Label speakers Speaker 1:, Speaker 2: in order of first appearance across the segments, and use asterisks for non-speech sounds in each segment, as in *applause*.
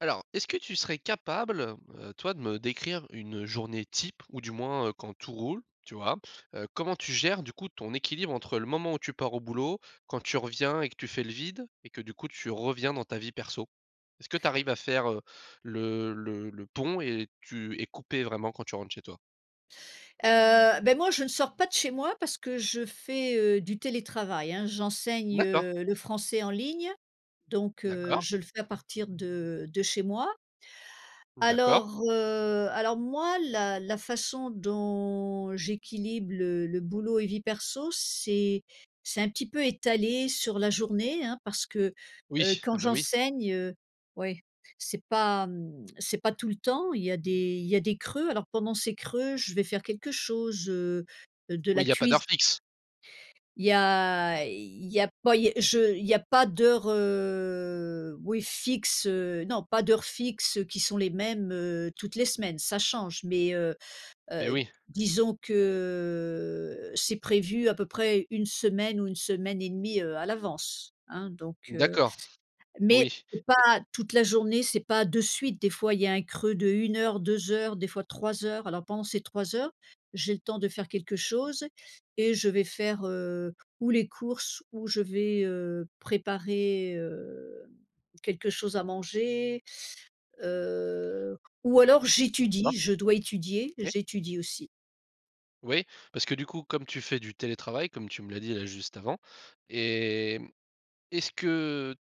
Speaker 1: Alors, est-ce que tu serais capable, heu, toi de me décrire une journée type ou du moins, heu, quand tout roule, tu vois? Heu, comment tu gères du coup ton équilibre, entre le moment où tu pars au boulot, quand tu reviens et que tu fais le vide et que, du coup, tu reviens dans ta vie perso? Est-ce que tu arrives à faire, heu, le le le pont et tu es coupée, vraiment, quand tu rentres chez toi?
Speaker 2: Heu, ben moi je ne sors pas de chez moi parce que je fais heu, du télétravail hein. J'enseigne
Speaker 1: D'accord.
Speaker 2: heu, le français en ligne donc heu,
Speaker 1: D'accord.
Speaker 2: je le fais à partir de de chez moi.
Speaker 1: D'accord.
Speaker 2: Alors heu, alors moi la la façon dont j'équilibre le le boulot et vie perso c'est c'est un petit peu étalé sur la journée hein. Parce que, heu,
Speaker 1: Oui,
Speaker 2: quand
Speaker 1: ah bah oui!
Speaker 2: j'enseigne heu, oui, c'est pas mmh, c'est pas tout le temps, il y a des il y a des creux. Alors pendant ces creux, je vais faire quelque chose heu, de la
Speaker 1: Oui, il y a pas
Speaker 2: cuisi
Speaker 1: d'heures fixes.
Speaker 2: Il y a, il y a pas, il y je il y a pas d'heures heu, oui fixes heu, non pas d'heures fixes heu, qui sont les mêmes heu, toutes les semaines, ça change. Mais heu heu,
Speaker 1: Beh oui.
Speaker 2: disons que, c'est prévu à peu près, 1 semaine ou 1 semaine et demie heu, à l'avance, hein. Donc heu,
Speaker 1: D'accord,
Speaker 2: mais
Speaker 1: oui,
Speaker 2: c'est
Speaker 1: et
Speaker 2: pas toute la journée, c'est pas de suite, des fois il y a un creux de 1 heure, 2 heures, des fois 3 heures, alors pendant ces 3 heures, j'ai le temps de faire quelque chose et je vais faire heu, ou les courses ou je vais heu, préparer hem, quelque chose à manger, heu, ou alors
Speaker 1: D'accord.
Speaker 2: j'étudie, je dois étudier,
Speaker 1: OK.
Speaker 2: j'étudie aussi.
Speaker 1: Oui, parce que du coup, comme tu fais du télétravail, comme tu me l'as dit là juste avant, et mmh, est-ce que,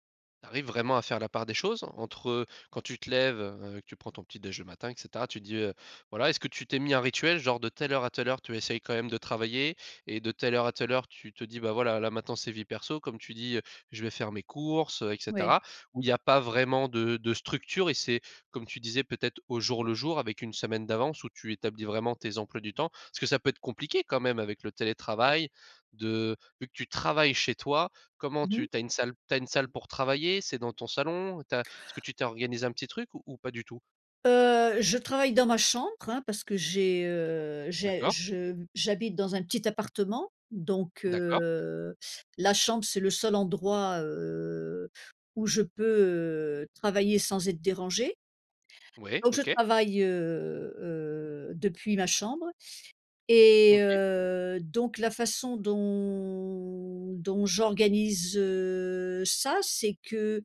Speaker 1: tu arrives vraiment à faire la part des choses? Entre, heu, quand tu te lèves, heu, que tu prends ton petit-déj le matin et cetera, tu te dis, heu, voilà, est-ce que tu t'es mis un rituel? Genre de telle heure à telle heure tu essayes quand même de travailler? Et de telle heure à telle heure tu te dis: «Bah, voilà, là maintenant c'est vie perso», comme tu dis: «heu, je vais faire mes courses, heu» et
Speaker 2: Ouais.
Speaker 1: cetera? Ou il y a pas vraiment de de structure et c'est, comme tu disais, peut-être au jour le jour, avec une semaine d'avance où tu établis vraiment tes emplois du temps? Parce que ça peut être compliqué quand même avec le télétravail de, vu que tu travailles chez toi comment
Speaker 2: Mmh mh.
Speaker 1: tu tu as une salle tu as une salle pour travailler? C'est dans ton salon? Tu as est-ce que tu t'es organisé un petit truc ou ou pas du tout?
Speaker 2: Heu, je travaille dans ma chambre hein, parce que j'ai heu, j'ai
Speaker 1: D'accord.
Speaker 2: je mmh, j'habite dans un petit appartement, donc
Speaker 1: D'accord.
Speaker 2: heu, la chambre c'est le seul endroit heu, où je peux heu, travailler sans être dérangée.
Speaker 1: Ouais,
Speaker 2: Donc je
Speaker 1: OK.
Speaker 2: travaille heu heu, depuis ma chambre et
Speaker 1: OK.
Speaker 2: heu, donc la façon dont dont j'organise heu, ça, c'est que,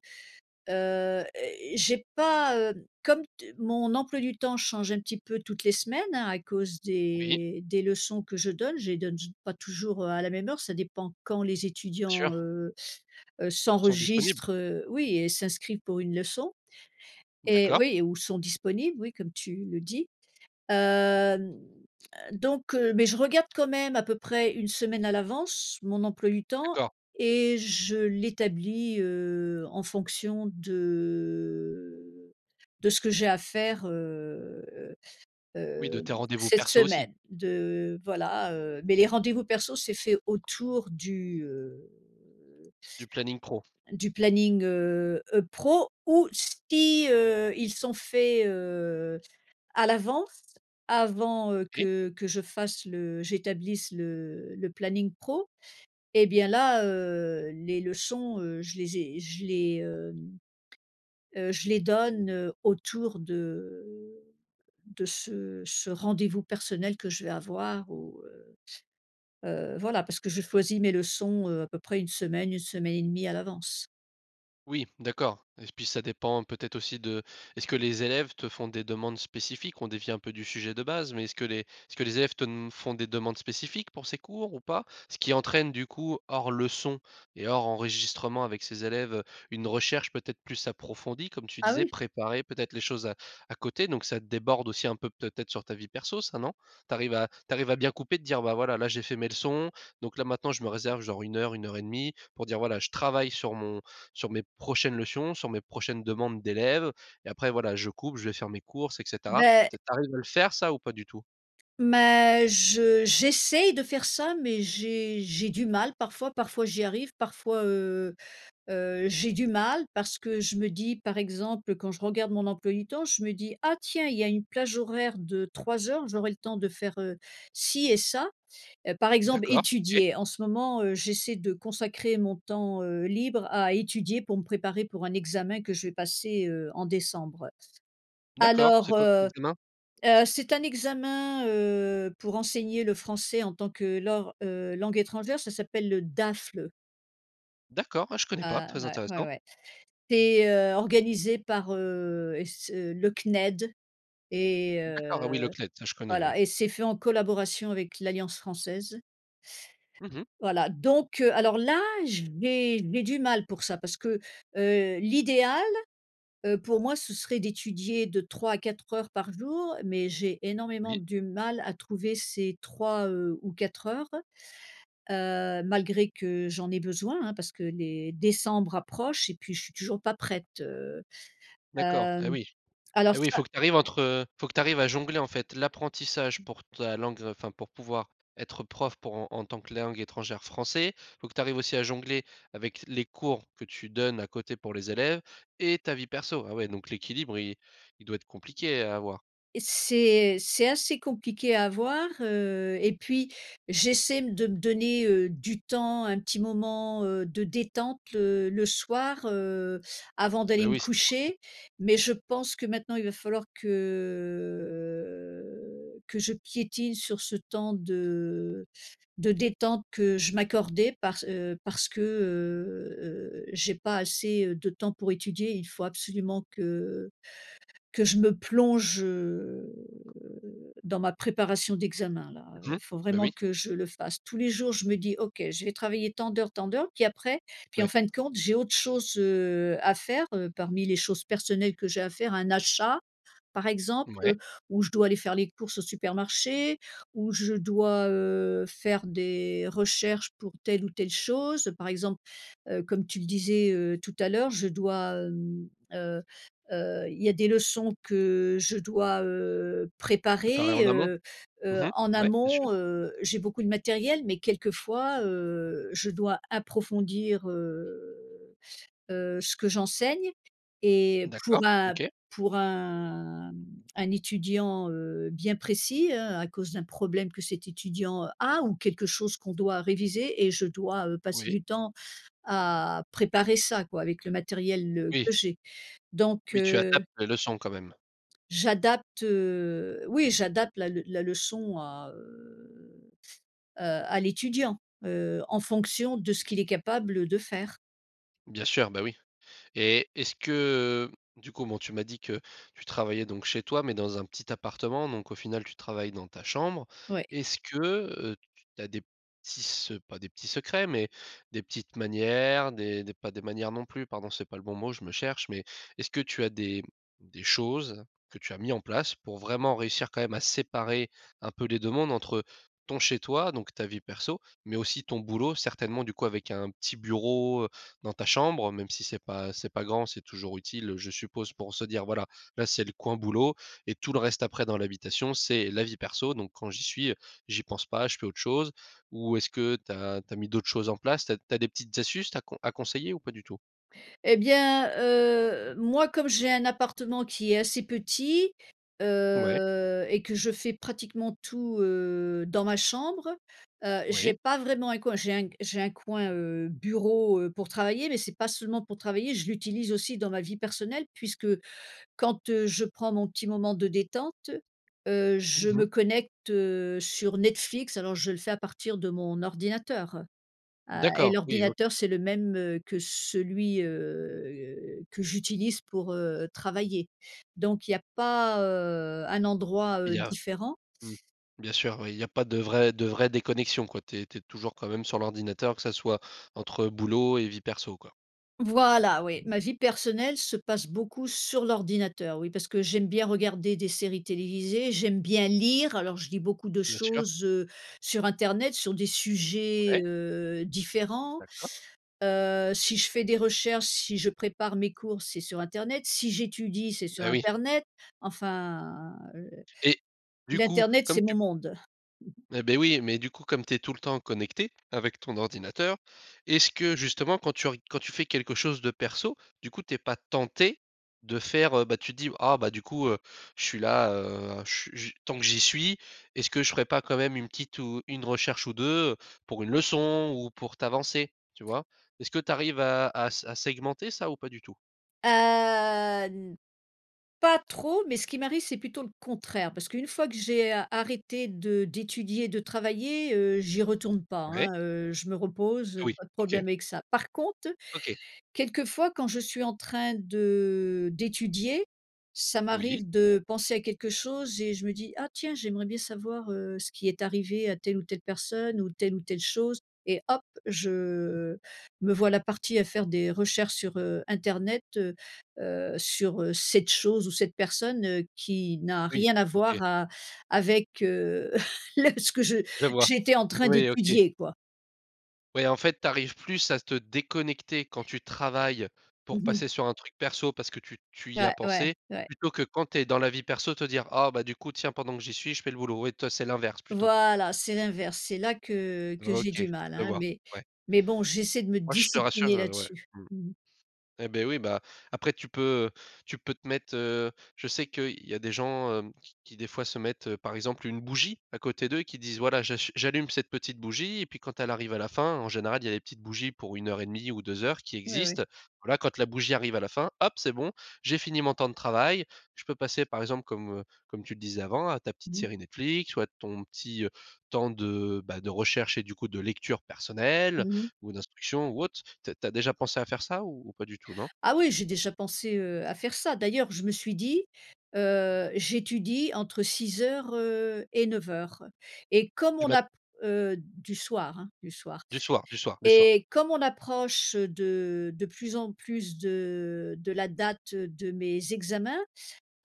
Speaker 2: heu heu, é, j'ai pas heu, comme t mon emploi du temps change un petit peu toutes les semaines hein, à cause
Speaker 1: Oui.
Speaker 2: des des leçons que je donne, je les donne, j pas toujours heu, à la même heure, ça dépend quand les
Speaker 1: Bien
Speaker 2: étudiants
Speaker 1: sûr.
Speaker 2: heu heu
Speaker 1: Sont disponibles?
Speaker 2: s'enregistrent, heu, oui et s'inscrivent pour une leçon. Et
Speaker 1: D'accord.
Speaker 2: oui, ou sont disponibles oui, comme tu le dis. Heu, n heu donc heu, mais je regarde, quand même, à peu près une semaine à l'avance, mon emploi du temps
Speaker 1: D'accord.
Speaker 2: et je l'établis heu, en fonction de de ce que j'ai à faire heu, heu
Speaker 1: Oui, de
Speaker 2: heu, d
Speaker 1: tes rendez-vous
Speaker 2: cette
Speaker 1: perso aussi.
Speaker 2: semaine, de voilà heu, mais les rendez-vous perso c'est fait autour du heu
Speaker 1: Du planning pro.
Speaker 2: du planning heu, heu pro ou si heu, ils sont faits heu, à l'avance, avant heu,
Speaker 1: OK.
Speaker 2: que que je fasse le, j'établisse le le planning pro et bien là heu, les leçons heu, je les ai je les hem, heu, je les donne heu, autour de de ce ce rendez-vous personnel que je vais avoir ou heu heu voilà, parce que je choisis mes leçons heu, à peu près 1 semaine, 1 semaine et demie à l'avance.
Speaker 1: Oui, d'accord. Et puis, ça dépend peut-être aussi de est-ce que les élèves te font des demandes spécifiques? On dévie un peu du sujet de base. Mais est-ce que les est-ce que les élèves te d font des demandes spécifiques pour ces cours ou pas? Ce qui entraîne du coup, hors leçon et hors enregistrement avec ces élèves, heu, une recherche peut-être plus approfondie comme tu
Speaker 2: Ah
Speaker 1: disais.
Speaker 2: oui.
Speaker 1: Préparer peut-être les choses à à côté donc ça déborde aussi un peu, peut-être sur ta vie perso ça, non? Tu arrives à tu arrives à bien couper de dire: «Bah voilà, là j'ai fait mes leçons donc là maintenant je me réserve genre 1:00 1:30 pour dire voilà je travaille sur mon sur mes prochaines leçons, sur mes prochaines demandes d'élèves, et après voilà. Je coupe, je vais faire mes courses et cetera».
Speaker 2: Beh
Speaker 1: Peut-être, tu arrives à le faire ça ou pas du tout?
Speaker 2: Mais je j'essaye de faire ça mais j'ai j'ai du mal parfois. Parfois j'y arrive parfois, heu, heu, j'ai du mal parce que je me dis par exemple quand je regarde mon emploi du temps je me dis: «Ah tiens! Il y a une plage horaire de 3:00 heures. J'aurai le temps de faire, heu, ci et ça». Heu, par exemple
Speaker 1: D'accord, OK.
Speaker 2: étudier. En ce moment, heu, j'essaie de consacrer mon temps, heu, libre à étudier pour me préparer pour un examen que je vais passer, heu, en décembre.
Speaker 1: D'accord, c'est
Speaker 2: Alors,
Speaker 1: quoi comme
Speaker 2: heu
Speaker 1: examen?
Speaker 2: heu, c'est un examen, heu, pour enseigner le français en tant que lors, heu, langue étrangère ça s'appelle le DAFLE.
Speaker 1: D'accord. Ouais, je connais pas,
Speaker 2: Ah,
Speaker 1: très
Speaker 2: ouais, ouais
Speaker 1: intéressant.
Speaker 2: ouais. C'est, heu, organisé par, heu, et ce le CNED. Et,
Speaker 1: D'accord. Ah, oui
Speaker 2: heu
Speaker 1: le CNED ça je connais oui.
Speaker 2: voilà. Et c'est fait en collaboration avec l'alliance française.
Speaker 1: Mmh mh.
Speaker 2: Voilà. Donc, heu, alors là *unintelligible* du mal pour ça parce que, heu, l'idéal, heu, pour moi ce serait d'étudier de 3 à 4 heures par jour. Mais j'ai énormément
Speaker 1: Oui.
Speaker 2: du mal à trouver ces 3, heu, ou 4 heures. Heu, malgré que j'en ai besoin, hein, parce que les décembre approchent et puis je suis toujours pas prête, heu.
Speaker 1: D'accord. Et
Speaker 2: Hem.
Speaker 1: oui,
Speaker 2: Alors
Speaker 1: et oui. Il
Speaker 2: ça
Speaker 1: faut que tu arrives entre, heu, faut que tu arrives à jongler en fait, l'apprentissage pour ta langue, enfin pour pouvoir être prof pour en en tant que langue étrangère français. Faut que tu arrives aussi à jongler avec les cours que tu donnes à côté pour les élèves et ta vie perso. Ah ouais donc l'équilibre il il doit être compliqué à avoir?
Speaker 2: C'est c'est assez compliqué à avoir, heu, et puis j'essaie m de me donner, heu, du temps un petit moment, heu, de détente le le soir, heu, avant
Speaker 1: Bah,
Speaker 2: d'aller me
Speaker 1: oui. C'est important.
Speaker 2: coucher. Mais je pense que maintenant il va falloir que que je piétine sur ce temps de de détente que je m'accordais. Parce, heu, parce que, heu, heu, j'ai pas assez, heu, de temps pour étudier. Il faut absolument que que je me plonge, heu, dans ma préparation d'examen là, heu.
Speaker 1: Mmh.
Speaker 2: Faut
Speaker 1: Bah,
Speaker 2: vraiment
Speaker 1: oui.
Speaker 2: que je le fasse. Tous les jours, je me dis: «OK, je vais travailler tant d'heures tant d'heures». Puis après puis en
Speaker 1: Ouais.
Speaker 2: fin de compte j'ai autre chose, heu, à faire, heu, parmi les choses personnelles que j'ai à faire. Un achat par exemple,
Speaker 1: Mouais.
Speaker 2: heu, ou je dois aller faire les courses au supermarché, ou je dois, heu, faire des recherches pour telle ou telle chose. Par exemple, heu, comme tu le disais, heu, tout à l'heure je dois, hem, heu, heu, il y a des leçons que, je dois, heu,
Speaker 1: Préparer
Speaker 2: préparer,
Speaker 1: en amont.
Speaker 2: heu, heu,
Speaker 1: Mmh
Speaker 2: en
Speaker 1: mh, ouais, bien sûr.
Speaker 2: amont, heu. J'ai beaucoup de matériel mais quelquefois, heu, je dois approfondir, heu, heu, ce que j'enseigne. Et pour
Speaker 1: D'accord.
Speaker 2: un
Speaker 1: OK.
Speaker 2: pour un, mmh, un étudiant, heu, bien précis, hein, à cause d'un problème que cet étudiant a, ou quelque chose qu'on doit réviser et je dois, heu, passer
Speaker 1: Oui.
Speaker 2: du temps à préparer ça quoi avec le matériel, heu,
Speaker 1: Oui.
Speaker 2: que j'ai. Donc,
Speaker 1: Oui, tu
Speaker 2: heu
Speaker 1: adaptes les leçons quand même.
Speaker 2: J'adapte, heu, oui j'adapte la le la leçon à, heu, heu, à l'étudiant, heu, en fonction de ce qu'il est capable de faire.
Speaker 1: Bien sûr, bah, oui. Et est-ce que, heu du coup bon tu m'as dit que, tu travaillais donc chez toi mais dans un petit appartement donc au final tu travailles dans ta chambre.
Speaker 2: Oui.
Speaker 1: Est-ce que, heu, t tu as des petits se pas des petits secrets mais, des petites manières, des des pas des manières non plus pardon. C'est pas le bon mot je me cherche mais, est-ce que tu as des des choses que tu as mis en place pour vraiment réussir quand même à séparer un peu les 2 mondes? Entre, ton chez toi donc ta vie perso mais aussi ton boulot. Certainement du coup avec un petit bureau, heu, dans ta chambre même si c'est pas c'est pas grand c'est toujours utile, heu, je suppose pour se dire: «Voilà, là c'est le coin boulot et tout le reste après dans l'habitation c'est la vie perso. Donc quand j'y suis, heu, j'y pense pas je fais autre chose». Ou est-ce que tu as tu as mis d'autres choses en place? Tu as tu as des petites astuces ta à conseiller ou pas du tout?
Speaker 2: Et bien, heu, moi comme j'ai un appartement qui est assez petit,
Speaker 1: Ouais.
Speaker 2: heu, et que je fais pratiquement tout, heu, dans ma chambre, heu, j'ai
Speaker 1: Oui.
Speaker 2: pas vraiment un coin. J'ai un g j'ai un coin, heu, bureau, heu, pour travailler mais c'est pas seulement pour travailler. Je l'utilise aussi dans ma vie personnelle puisque, quand, heu, je prends mon petit moment de détente. Heu, je
Speaker 1: Mmh mh.
Speaker 2: me connecte, heu, sur Netflix alors je le fais à partir de mon ordinateur, heu. A et
Speaker 1: D'accord, oui. OK.
Speaker 2: l'ordinateur c'est le même, heu, que celui, heu, que j'utilise pour, heu, travailler. Donc il y a pas, heu, un endroit,
Speaker 1: Il
Speaker 2: heu,
Speaker 1: y a
Speaker 2: différent.
Speaker 1: mmh, bien sûr oui, il y a pas de vraie de vraie déconnexion, quoi. Tu es tu es toujours quand même sur l'ordinateur que ça soit, entre boulot et vie perso, quoi.
Speaker 2: Voilà, oui. Ma vie personnelle se passe beaucoup sur l'ordinateur, oui. Parce que j'aime bien regarder des séries télévisées, j'aime bien lire, alors je lis beaucoup de
Speaker 1: Bien sûr.
Speaker 2: choses, heu, sur internet sur des sujets,
Speaker 1: Ouais.
Speaker 2: heu, différents.
Speaker 1: D'accord.
Speaker 2: Heu, si je fais des recherches, si je prépare mes cours, c'est sur internet. Si j'étudie, c'est sur
Speaker 1: Bah, oui.
Speaker 2: internet. Enfin, heu,
Speaker 1: Et du coup
Speaker 2: l'internet
Speaker 1: comme
Speaker 2: c'est mon
Speaker 1: tu
Speaker 2: monde. *chuckles*
Speaker 1: Et, ben, oui. Mais du coup comme tu es tout le temps connectée, avec ton ordinateur. Est ce que justement quand tu reg quand tu fais quelque chose de perso du coup tu es pas tentée, de faire, heu bah, tu te dis: «Ah bah du coup, heu, je suis là, heu, ch j tant que j'y suis. Est ce que je ferai pas quand même 1 petite ou 1 recherche ou 2, heu» pour une leçon ou pour t'avancer, tu vois? Est que tu arrives à à s à segmenter ça ou pas du tout?
Speaker 2: Heu, n pas trop mais ce qui m'arrive c'est plutôt le contraire parce qu'une fois que j'ai a arrêté de d'étudier de travailler, heu, j'y retourne pas,
Speaker 1: Ouais.
Speaker 2: hein, heu, je me repose,
Speaker 1: Ah
Speaker 2: heu,
Speaker 1: oui,
Speaker 2: pas de
Speaker 1: OK.
Speaker 2: problème avec ça. Par conte,
Speaker 1: OK.
Speaker 2: quelquefois quand je suis en train de d'étudier ça
Speaker 1: Oui.
Speaker 2: m'arrive de penser à quelque chose et je me dis: «Ah tiens! J'aimerais bien savoir, heu, ce qui est arrivé à telle ou telle personne ou telle ou telle chose». Et hop! Je, heu me voilà partie à faire des recherches sur, heu, internet, heu, heu, sur, heu, cette chose ou cette personne, heu, qui n'a
Speaker 1: Oui,
Speaker 2: rien à
Speaker 1: OK.
Speaker 2: voir a avec, heu, le ce que je
Speaker 1: Je vois.
Speaker 2: j'étais en train
Speaker 1: Oui, OK.
Speaker 2: d'étudier, quoi.
Speaker 1: Ouais, en fait tu arrives plus à te déconnecter quand tu travailles. Pour
Speaker 2: Mmh mh.
Speaker 1: passer sur un truc perso parce que tu tu y as
Speaker 2: Ouais, ouais,
Speaker 1: pensé.
Speaker 2: ouais.
Speaker 1: Plutôt que quand tu es dans la vie perso te dire: «Ah, bah, du coup tiens pendant que j'y suis, je fais le boulot». Ouais, toi c'est l'inverse plutôt.
Speaker 2: Voilà, c'est l'inverse. C'est là que que j'ai
Speaker 1: OK,
Speaker 2: du mal,
Speaker 1: je
Speaker 2: hein.
Speaker 1: vois,
Speaker 2: Mais
Speaker 1: ouais.
Speaker 2: mais bon j'essaie de me
Speaker 1: Ouais, je te rassure,
Speaker 2: discipliner
Speaker 1: heu, ouais,
Speaker 2: là-dessus.
Speaker 1: mmh.
Speaker 2: Mmh mh.
Speaker 1: Et, beh, oui, bah, après tu peux, heu, tu peux te mettre, heu je sais qu'il y a des gens, hem, qui qui des fois se mettent, heu, par exemple une bougie à côté d'eux qui disent: «Voilà, j'achu j'allume cette petite bougie» et puis quand elle arrive à la fin en général il y a des petites bougies pour 1:30 ou 2:00 qui
Speaker 2: Ouais, ouais.
Speaker 1: existent. Voilà quand la bougie arrive à la fin: «Hop, c'est bon. J'ai fini mon temps de travail je peux passer par exemple comme, heu, comme tu le disais avant à ta petite
Speaker 2: Mmh.
Speaker 1: série Netflix ou à ton petit, heu, temps de, bah, de recherche et du coup de lecture personnelle
Speaker 2: Mmh mh.
Speaker 1: ou d'instruction ou autre». Tu as tu as déjà pensé à faire ça ou ou pas du tout, non?
Speaker 2: Ah oui j'ai déjà pensé, heu, à faire ça. D'ailleurs je me suis dit: «Heu, j'étudie entre 6:00 heu, et 9:00» et comme
Speaker 1: Du
Speaker 2: on
Speaker 1: mat
Speaker 2: a p heu, du soir, hein, du soir.
Speaker 1: Du soir, du soir, du soir.
Speaker 2: Et comme on approche, heu, de de plus en plus de de la date, heu, de mes examens.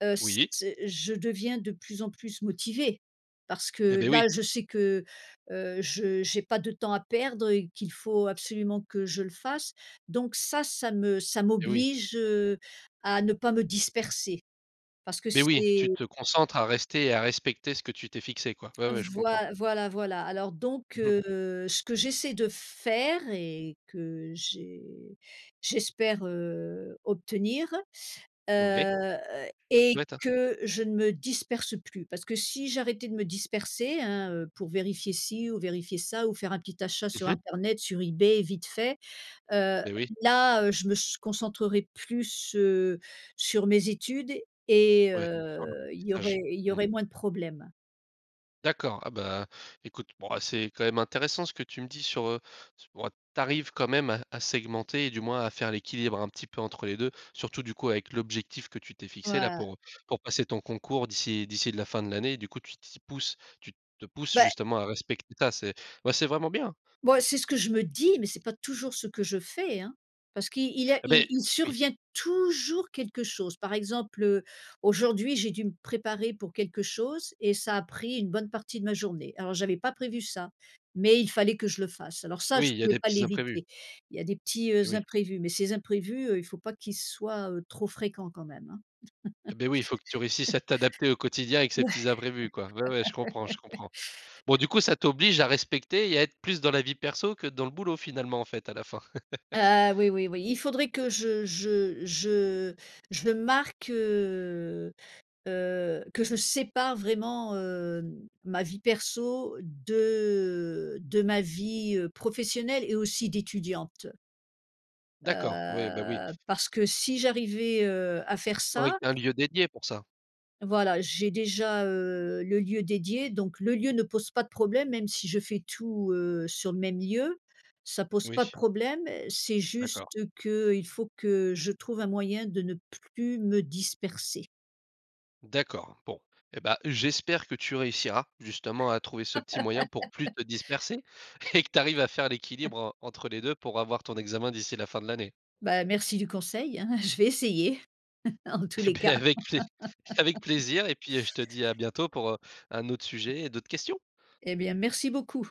Speaker 2: Heu, c
Speaker 1: Oui.
Speaker 2: ce je deviens de plus en plus motivée. Parce
Speaker 1: Et,
Speaker 2: que
Speaker 1: beh, oui.
Speaker 2: là je sais que, heu, je j'ai pas de temps à perdre et qu'il faut absolument que je le fasse. Donc ça, ça me ça
Speaker 1: Et, oui.
Speaker 2: m'oblige, heu, à ne pas me disperser. Parce que
Speaker 1: Beh, oui.
Speaker 2: c'est
Speaker 1: Tu te concentres à rester et à respecter ce que tu t'es fixé quoi. Ouais, ouais. Je
Speaker 2: Voi
Speaker 1: comprends.
Speaker 2: voilà voilà. Alors donc,
Speaker 1: Mmh mh.
Speaker 2: heu, ce que j'essaie de f faire, et, que, j'ai j'espère, heu, obtenir.
Speaker 1: Ouais.
Speaker 2: Heu,
Speaker 1: Je te le
Speaker 2: est
Speaker 1: souhaite, hein.
Speaker 2: que je ne me disperse plus. Parce que si j'arrêtais de me disperser, hein, heu, pour vérifier ci ou vérifier ça ou faire un petit achat sur
Speaker 1: Mmh mh.
Speaker 2: internet sur eBay vite fait. Heu,
Speaker 1: Beh, oui.
Speaker 2: là, heu, je me s concentrerai plus, heu, sur mes études et,
Speaker 1: Ouais, sur.
Speaker 2: heu, il y aurait
Speaker 1: *unintelligible*
Speaker 2: il y
Speaker 1: Mmh.
Speaker 2: aurait moins de problèmes.
Speaker 1: D'accord. Ah, bah, écoute. Bon, ah, c'est quand même intéressant ce que tu me dis sur, heu, s bon tu arrives quand même à à segmenter et du moins à faire l'équilibre un petit peu entre les 2 Surtout du coup avec l'objectif que tu t'es fixé là
Speaker 2: Ouais.
Speaker 1: pour pour passer ton concours d'ici d'ici de la fin de l'année. Du coup tu t'y pousses tu te pousses
Speaker 2: Bah.
Speaker 1: justement à respecter ça. C'est, bah, c'est vraiment bien.
Speaker 2: Bah, c'est ce que je me dis mais c'est pas toujours ce que je fais, hein. Parce qu'il il y a
Speaker 1: Et beh
Speaker 2: il il
Speaker 1: oui.
Speaker 2: survient toujours quelque chose. Par exemple, heu, aujourd'hui j'ai dû me préparer pour quelque chose. Et ça a pris une bonne partie de ma journée, alors j'avais pas prévu ça. Mais il fallait que je le fasse alors ça
Speaker 1: Oui,
Speaker 2: je
Speaker 1: il y a
Speaker 2: pouvais
Speaker 1: des
Speaker 2: pas
Speaker 1: petits imprévus.
Speaker 2: l'éviter. Il y a des petits,
Speaker 1: Et
Speaker 2: heu,
Speaker 1: oui.
Speaker 2: imprévus. Mais ces imprévus, heu, il faut pas qu'ils soient, heu, trop fréquents quand même, hein.
Speaker 1: Et, beh, oui. Il faut que tu réussisses
Speaker 2: *laughs*
Speaker 1: à t'adapter au quotidien avec ces
Speaker 2: Ouais.
Speaker 1: petits imprévus, quoi. Ouais, ouais, je comprends, je
Speaker 2: *chuckles*
Speaker 1: comprends. Bon, du coup, ça t'oblige à respecter et à être plus dans la vie perso que dans le boulot finalement en fait à la fin? *laughs*
Speaker 2: Ah, oui oui oui. Il faudrait que je je je je le marque, heu, heu, que je sépare vraiment, hem, ma vie perso de de ma vie, heu, professionnelle et aussi d'étudiante.
Speaker 1: D'accord. Ouais, bah oui.
Speaker 2: Heu, parce que si j'arrivais, heu, à faire
Speaker 1: Oui,
Speaker 2: ça
Speaker 1: un lieu dédié pour ça.
Speaker 2: Voilà j'ai déjà, heu, le lieu dédié donc le lieu ne pose pas de problème même si je fais tout, heu, sur le même lieu, ça pose pas de
Speaker 1: Oui.
Speaker 2: problème. C'est juste
Speaker 1: D'accord.
Speaker 2: qu'il faut que, je trouve un moyen de ne plus me disperser.
Speaker 1: D'accord. Bon. Et, bah, j'espère que tu réussiras, justement à trouver ce petit moyen pour plus
Speaker 2: *laughs*
Speaker 1: te disperser et que tu arrives à faire
Speaker 2: *chuckles*
Speaker 1: l'équilibre en entre les 2 pour avoir ton examen d'ici la fin de l'année.
Speaker 2: Bah, merci du conseil, hein. Je vais essayer, en tous
Speaker 1: Et,
Speaker 2: les
Speaker 1: beh,
Speaker 2: cas.
Speaker 1: avec plais avec
Speaker 2: *laughs*
Speaker 1: plaisir et puis, heu, je te dis à bientôt pour, heu, un autre sujet et d'autres questions.
Speaker 2: Et bien merci beaucoup.